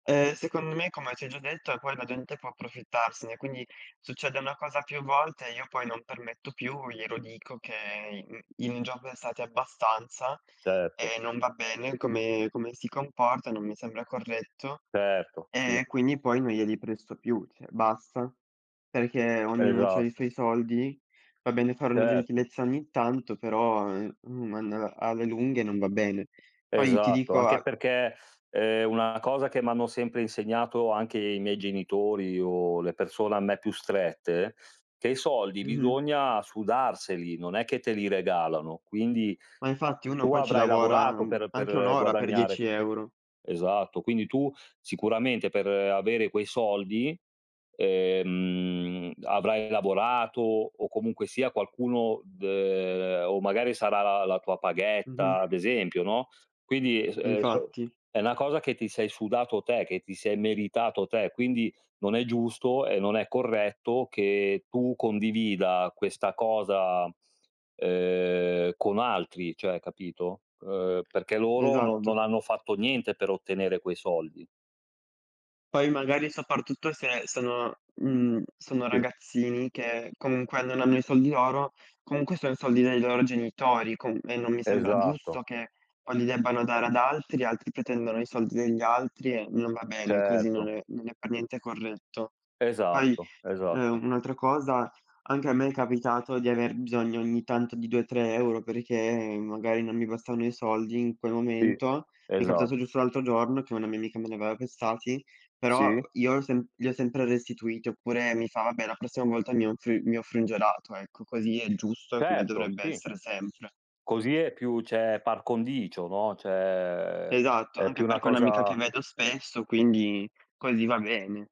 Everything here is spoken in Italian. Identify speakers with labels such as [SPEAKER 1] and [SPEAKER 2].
[SPEAKER 1] Eh, secondo me, come ti ho già detto, ehm, poi la gente può approfittarsene, quindi succede una cosa più volte e io poi non permetto più, glielo dico che in in un giorno è stati abbastanza
[SPEAKER 2] Certo.
[SPEAKER 1] e non va bene come come si comporta, non mi sembra corretto.
[SPEAKER 2] Certo,
[SPEAKER 1] Ehm,
[SPEAKER 2] sì.
[SPEAKER 1] e quindi poi non glieli presto più, cioè basta. Perché ognuno c'ha i
[SPEAKER 2] Esatto.
[SPEAKER 1] suoi soldi. Va bene fare una
[SPEAKER 2] Certo.
[SPEAKER 1] gentilezza ogni tanto, però, ehm, uhm, mandala alle lunghe non va bene. Poi ti
[SPEAKER 2] Esatto.
[SPEAKER 1] dico
[SPEAKER 2] Anche
[SPEAKER 1] a
[SPEAKER 2] perché, ehm, una cosa che m'hanno sempre insegnato, anche i miei genitori o le persone a me più strette, che i soldi
[SPEAKER 1] Mh-mh.
[SPEAKER 2] bisogna sudarseli, non è che te li regalano. Quindi,
[SPEAKER 1] Ma infatti, uno,
[SPEAKER 2] tu
[SPEAKER 1] poi, ci
[SPEAKER 2] avrai
[SPEAKER 1] lavora,
[SPEAKER 2] lavorato
[SPEAKER 1] mhmm,
[SPEAKER 2] per
[SPEAKER 1] anche 1
[SPEAKER 2] per
[SPEAKER 1] ora per
[SPEAKER 2] guadagnare
[SPEAKER 1] dieci
[SPEAKER 2] q
[SPEAKER 1] euro.
[SPEAKER 2] esatto. Quindi, tu, sicuramente, per avere quei soldi, ehm, avrai lavorato o, comunque sia, qualcuno d ehm, o, magari, sarà la la tua paghetta,
[SPEAKER 1] Mh-mh.
[SPEAKER 2] ad esempio, no, quindi, s ehm, s so
[SPEAKER 1] Infatti.
[SPEAKER 2] è una cosa che ti sei sudato te, che ti sei meritato te. Quindi, non è giusto e non è corretto che tu condivida questa cosa, uhm, con altri, cioè, capito, uhm, perché loro no
[SPEAKER 1] Esatto.
[SPEAKER 2] non hanno fatto niente per ottenere quei soldi.
[SPEAKER 1] Poi, magari, soprattutto se sono, mhmm, sono
[SPEAKER 2] Sì.
[SPEAKER 1] ragazzini che, comunque, non hanno i soldi loro, comunque, sono i soldi dei loro genitori com e non mi sembra
[SPEAKER 2] Esatto.
[SPEAKER 1] giusto che, poi, li debbano dare ad altri. Altri pretendono i soldi degli altri e non va bene. Così non
[SPEAKER 2] Certo.
[SPEAKER 1] è non è per niente corretto. Poi,
[SPEAKER 2] Esatto, esatto.
[SPEAKER 1] uhm, un'altra cosa: anche a me è capitato di aver bisogno ogni tanto di 2, 3 € perché, magari, non mi bastvaano i soldi in quel
[SPEAKER 2] Sì,
[SPEAKER 1] momento. Mi è
[SPEAKER 2] esatto.
[SPEAKER 1] capitato giusto l'altro giorno che una mia amica me ne aveva prestati. Però, uhm,
[SPEAKER 2] Sì.
[SPEAKER 1] io ho sem gli ho sempre restituiti oppure mi fa: “Vabbè, la prossima volta mi offri mi offri un gelato.” Ecco, così è il giusto e come
[SPEAKER 2] Certo,
[SPEAKER 1] dovrebbe
[SPEAKER 2] sì.
[SPEAKER 1] essere sempre.
[SPEAKER 2] Così è più c'è par condicio, no, c'è
[SPEAKER 1] Esatto,
[SPEAKER 2] è
[SPEAKER 1] anche
[SPEAKER 2] più una
[SPEAKER 1] perché è un'amica che
[SPEAKER 2] cosa
[SPEAKER 1] vedo spesso, quindi così va bene.